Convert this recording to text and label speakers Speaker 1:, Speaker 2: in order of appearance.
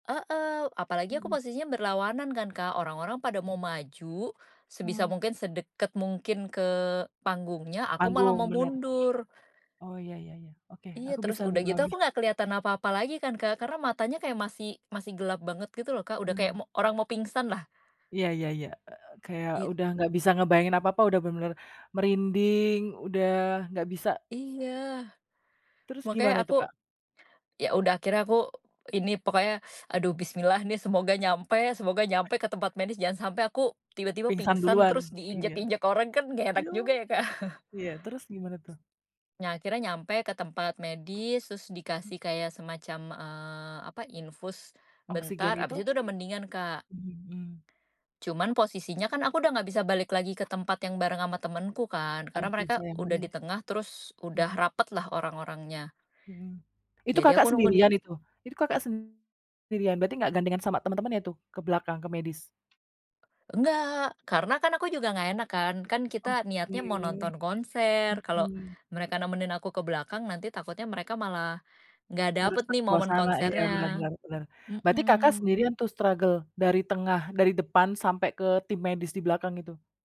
Speaker 1: Heeh. Apalagi aku
Speaker 2: Mhm.
Speaker 1: posisinya berlawanan kan, Kak, orang-orang pada mau
Speaker 2: Hmm.
Speaker 1: maju, sebisa
Speaker 2: Ah.
Speaker 1: mungkin sedekat mungkin ke panggungnya, aku malah
Speaker 2: Panggung,
Speaker 1: mau
Speaker 2: bener.
Speaker 1: mundur.
Speaker 2: Oh, iya iya iya. Oke,
Speaker 1: Iya,
Speaker 2: aku
Speaker 1: terus
Speaker 2: bisa
Speaker 1: udah gitu
Speaker 2: memahami.
Speaker 1: aku nggak keliatan apa-apa lagi kan, Kak. Karena matanya kayak masih masih gelap banget gitu loh, Kak,
Speaker 2: Ah,
Speaker 1: udah kayak
Speaker 2: bener.
Speaker 1: mo orang mau pingsanlah.
Speaker 2: Iya iya ya. E kayak
Speaker 1: Iya.
Speaker 2: udah nggak bisa ngebayangin apa-apa udah bener-bener merinding, udah nggak bisa
Speaker 1: Iya.
Speaker 2: Terus
Speaker 1: Makanya
Speaker 2: gimana itu,
Speaker 1: aku
Speaker 2: Kak?
Speaker 1: ya udah akhirnya aku ini, pokoknya aduh bismillah nih semoga nyampe semoga nyampe ke tempat medis jangan sampai aku tiba-tiba
Speaker 2: Pingsan
Speaker 1: pingsan
Speaker 2: duluan,
Speaker 1: terus
Speaker 2: iya.
Speaker 1: diinjak-injak orang kan nggak enak
Speaker 2: Aduh,
Speaker 1: juga ya, Kak.
Speaker 2: iya, terus gimana tuh?
Speaker 1: Nah, akhirnya nyampe ke tempat medis, terus
Speaker 2: Mhm.
Speaker 1: dikasih kayak semacam, eee, apa, infus bentar,
Speaker 2: Oksigen
Speaker 1: abis
Speaker 2: gitu?
Speaker 1: itu udah mendingan, Kak.
Speaker 2: Mhm.
Speaker 1: Cuman posisinya kan aku udah nggak bisa balik lagi ke tempat yang bareng ama temenku kan. Karena
Speaker 2: Aduh
Speaker 1: mereka
Speaker 2: sayang
Speaker 1: udah
Speaker 2: banget.
Speaker 1: ditengah, terus udah
Speaker 2: Mhm.
Speaker 1: rapetlah orang-orangnya.
Speaker 2: Mhm. Itu
Speaker 1: Jadi aku
Speaker 2: Kakak
Speaker 1: nunggu di
Speaker 2: sendirian itu? Itu Kakak sendirian berarti nggak gandengan sama temen-temennya tuh? Ke belakang, ke medis?
Speaker 1: Enggak, karena kan aku juga nggak enak kan, kan kita niatnya mau
Speaker 2: Oke,
Speaker 1: nonton konser kalau
Speaker 2: mhm.
Speaker 1: mereka nemenin aku ke belakang, nanti takutnya mereka malah nggak dapet
Speaker 2: Ngerusak
Speaker 1: nih momen
Speaker 2: suasana ya. Benar
Speaker 1: konsernya.
Speaker 2: benar benar. Berarti Kakak
Speaker 1: Mhm.
Speaker 2: sendirian tuh struggle, dari tengah dari depan sampai ke tim medis di belakang itu?